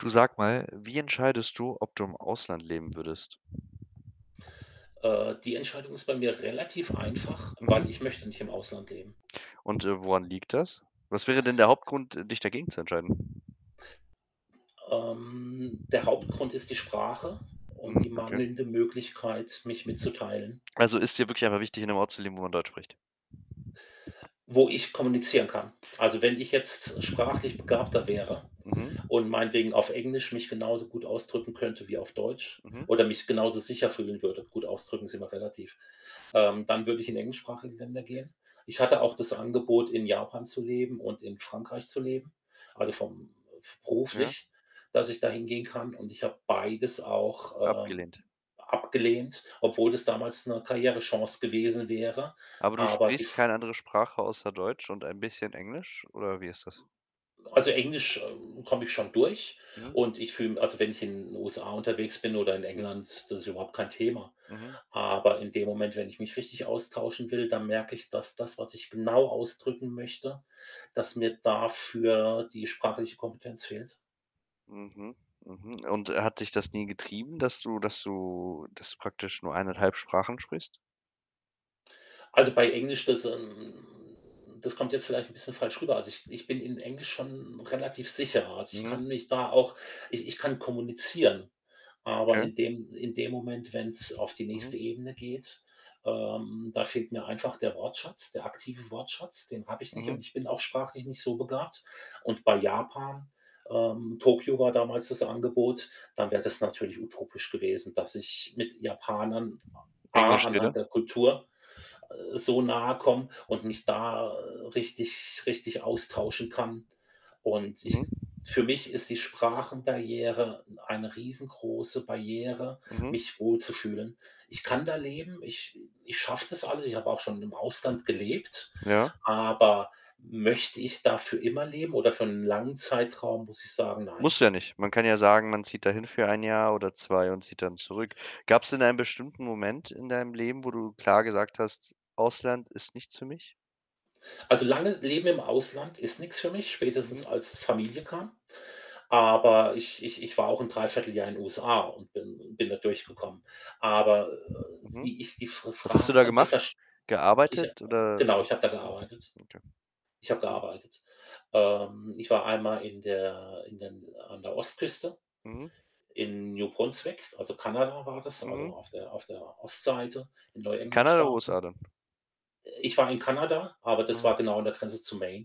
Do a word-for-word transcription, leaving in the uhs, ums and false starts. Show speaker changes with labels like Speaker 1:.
Speaker 1: Du sag mal, wie entscheidest du, ob du im Ausland leben würdest?
Speaker 2: Äh, die Entscheidung ist bei mir relativ einfach,
Speaker 1: Mhm.
Speaker 2: weil ich möchte nicht im Ausland leben.
Speaker 1: Und, äh, woran liegt das? Was wäre denn der Hauptgrund, dich dagegen zu entscheiden?
Speaker 2: Ähm, der Hauptgrund ist die Sprache
Speaker 1: Mhm,
Speaker 2: und die
Speaker 1: okay.
Speaker 2: mangelnde Möglichkeit, mich mitzuteilen.
Speaker 1: Also, ist dir wirklich einfach wichtig, in 'nem Ort zu leben, wo man Deutsch spricht?
Speaker 2: Wo ich kommunizieren kann. Also, wenn ich jetzt sprachlich begabter wäre
Speaker 1: Mhm.
Speaker 2: und meinetwegen auf Englisch mich genauso gut ausdrücken könnte wie auf Deutsch,
Speaker 1: Mhm.
Speaker 2: oder mich genauso sicher fühlen würde, gut ausdrücken ist immer relativ, ähm, dann würde ich in englischsprachige Länder gehen. Ich hatte auch das Angebot, in Japan zu leben und in Frankreich zu leben, also vom f
Speaker 1: Ja.
Speaker 2: beruflich, dass ich da hingehen kann und ich habe beides auch, ähm,
Speaker 1: Abgelehnt.
Speaker 2: abgelehnt, obwohl das damals 'ne Karrierechance gewesen wäre.
Speaker 1: Aber du
Speaker 2: Aber die
Speaker 1: sprichst keine
Speaker 2: f
Speaker 1: andere Sprache außer Deutsch und ein bisschen Englisch, oder wie
Speaker 2: Hm,
Speaker 1: ist das?
Speaker 2: also, Englisch, ähm, komme ich schon durch
Speaker 1: Mhm.
Speaker 2: und ich fühle m also, wenn ich in den USA unterwegs bin oder in England, das ist überhaupt kein Thema.
Speaker 1: Mhm.
Speaker 2: Aber in dem Moment, wenn ich mich richtig austauschen will, dann merke ich, dass das, was ich genau ausdrücken möchte dass mir dafür die sprachliche Kompetenz fehlt.
Speaker 1: Mhm, mhm. Und äh, hat dich das nie getrieben, dass du dass du dass du praktisch nur eineinhalb Sprachen sprichst?
Speaker 2: Also, bei Englisch, das hm das kommt jetzt vielleicht 'n bisschen falsch rüber. Also, ich ich bin in Englisch schon relativ sicher. Also, ich
Speaker 1: Mhm.
Speaker 2: kann mich da auch ich ich kann kommunizieren. Aber
Speaker 1: Okay.
Speaker 2: in dem in dem Moment, wenn's auf die
Speaker 1: Mhm.
Speaker 2: nächste Ebene geht, ähm, da fehlt mir einfach der Wortschatz, der aktive Wortschatz. Den habe ich nicht und
Speaker 1: Mhm.
Speaker 2: ich bin auch sprachlich nicht so begabt und bei Japan, ähm Tokio war damals das Angebot, dann wäre das natürlich utopisch gewesen, dass ich mit Japanern a A
Speaker 1: Englisch rede?
Speaker 2: anhand der Kultur, äh, so nahe komme und mich da, äh, richtig richtig austauschen kann. Und ich
Speaker 1: Mhm.
Speaker 2: für mich ist die Sprachenbarriere n eine riesen große Barriere,
Speaker 1: Mhm.
Speaker 2: mich wohlzufühlen. Ich kann da leben. Ich ich schaffe das alles. Ich habe auch schon im Ausland gelebt.
Speaker 1: Ja.
Speaker 2: Aber möchte ich da für immer leben oder für 'n langen Zeitraum? Muss ich sagen: „Nein.“
Speaker 1: Musst du ja nicht. Man kann ja sagen, man zieht dahin für ein Jahr oder zwei und zieht dann zurück. Gab's denn einen bestimmten Moment in deinem Leben, wo du klar gesagt hast: „Ausland ist nichts für mich.“
Speaker 2: Also, lange leben im Ausland ist nix für mich,
Speaker 1: Mhm.
Speaker 2: spätestens als Familie kam. Aber ich ich ich war auch 'n dreiviertel Jahr in USA und bin bin da durchgekommen. Aber, äh,
Speaker 1: Mhm.
Speaker 2: wie ich die Fr
Speaker 1: Was hast du
Speaker 2: Frage
Speaker 1: da
Speaker 2: von dir
Speaker 1: gemacht?
Speaker 2: verst ich ha äh,
Speaker 1: Gearbeitet oder,
Speaker 2: genau,
Speaker 1: äh
Speaker 2: ich habe da
Speaker 1: mhm,
Speaker 2: gearbeitet.
Speaker 1: okay.
Speaker 2: Ich habe
Speaker 1: Mhm.
Speaker 2: gearbeitet. Ähm, ich war einmal in der in der n an der Ostküste
Speaker 1: Mhm.
Speaker 2: in New Brunswick, also, Kanada war das, also,
Speaker 1: Mhm.
Speaker 2: auf der auf der Ostseite in
Speaker 1: In
Speaker 2: Neuengland
Speaker 1: Kanada oder
Speaker 2: Staaten.
Speaker 1: USA dann?
Speaker 2: Äh, ich war in Kanada, aber das
Speaker 1: Mhm.
Speaker 2: war genau an der Grenze zu Maine.